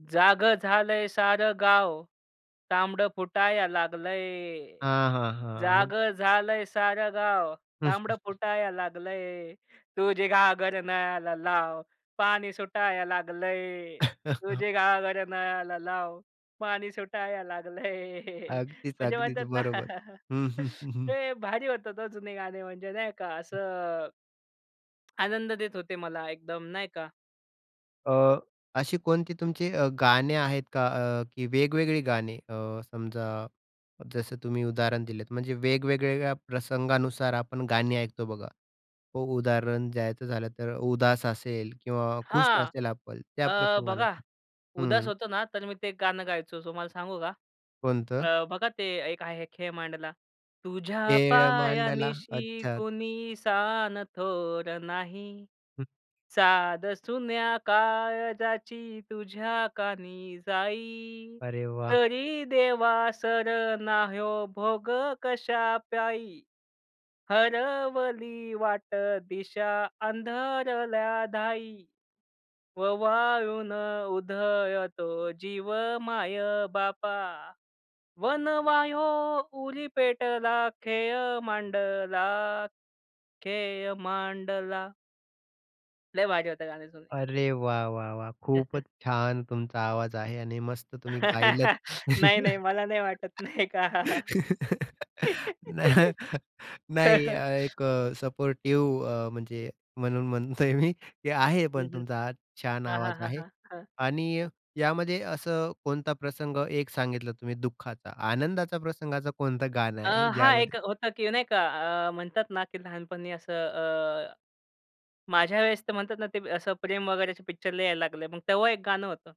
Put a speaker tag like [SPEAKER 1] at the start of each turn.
[SPEAKER 1] "जागं झालंय सारं गाव तांबडं फुटाया लागलंय,
[SPEAKER 2] हां, हां, हां. अन
[SPEAKER 1] जागं झालंय सारं गाव तांबडं फुटाया लागलंय. तुझी घागर नळाला लाव पाणी सुटाया लागलंय, तुझी घागर नळाला लाव पाणी सुटाया लागलंय."
[SPEAKER 2] अगदीच,
[SPEAKER 1] म्हणजे
[SPEAKER 2] अगदीच.
[SPEAKER 1] म्हणतात ना.
[SPEAKER 2] बरोबर. हं, हं, हं, हं.
[SPEAKER 1] ते भारी होतात हो जुने गाणे म्हणजे नाही का? असं. आनंद देत होते मला एकदम नाही का?
[SPEAKER 2] अ, अशी कोणती तुमची अ, गाणे आहेत का अ, की वेगवेगळी गाणे अ, समजा जसं तुम्ही उदाहरण दिलंत. म्हणजे वेगवेगळ्या प्रसंगानुसार आपण गाणी ऐकतो बघा. हो. उदाहरण द्यायचं झालं तर उदास असेल किंवा खुश
[SPEAKER 1] हां.
[SPEAKER 2] असेल आपण त्या
[SPEAKER 1] अ, बघा
[SPEAKER 2] प्रसंगानुसार.
[SPEAKER 1] उदास
[SPEAKER 2] हं.
[SPEAKER 1] होतो ना, तर मी ते गाणं गायचो, तुम्हाला सांगू का?
[SPEAKER 2] कोणतं?
[SPEAKER 1] अ, बघा ते एक आहे खेळ मांडला. "तुझ्या
[SPEAKER 2] खेळ
[SPEAKER 1] पाया
[SPEAKER 2] मांडला.
[SPEAKER 1] निशी
[SPEAKER 2] अच्छा.
[SPEAKER 1] कुणी सान थोर नाही.
[SPEAKER 2] हं.
[SPEAKER 1] साद सुन्या काळजाची तुझ्या कानी जाई,
[SPEAKER 2] अरे वाह!
[SPEAKER 1] तरी देवा सर ना हयो भोग कशा पायी? हरवली वाट दिशा अंधरल्या धाई, ववाळून उधळतो जीव माय-बापा, वनवा हयो उरी पेटला खेळ मांडला, खेळ मांडला." लई भारी होते गाणे जुने.
[SPEAKER 2] अरे वाह! वाह! वाह! खूपच छान तुमचा आवाज आहे. आणि मस्त तुम्ही गायलत.
[SPEAKER 1] नाही, नाही. मला नाही वाटत, नाही का?
[SPEAKER 2] नाह नाही एक अ, सपोर्टिव्ह अ, म्हणजे म्हणून म्हणतोय मी, ते आहे
[SPEAKER 1] हं,
[SPEAKER 2] पण
[SPEAKER 1] हं,
[SPEAKER 2] तुमचा आवाज छान
[SPEAKER 1] हां, हां,
[SPEAKER 2] आवाज
[SPEAKER 1] हां,
[SPEAKER 2] आहे.
[SPEAKER 1] हां, हां.
[SPEAKER 2] आणि यामध्ये असं कोणता प्रसंग एक सांगितलं तुम्ही दुःखाचा, आनंदाचा प्रसंगाचं कोणतं गाणं
[SPEAKER 1] अ,
[SPEAKER 2] आहे?
[SPEAKER 1] हां. एक
[SPEAKER 2] ज्यामध्ये
[SPEAKER 1] होतं की नाही का अ, म्हणतात ना की लहानपणी असं अ, माझ्या वेळेस ते म्हणतात ना ते असं प्रेम वगैरे पिक्चर लई यायला लागले. मग तेव्हा 1 गाणं होतं.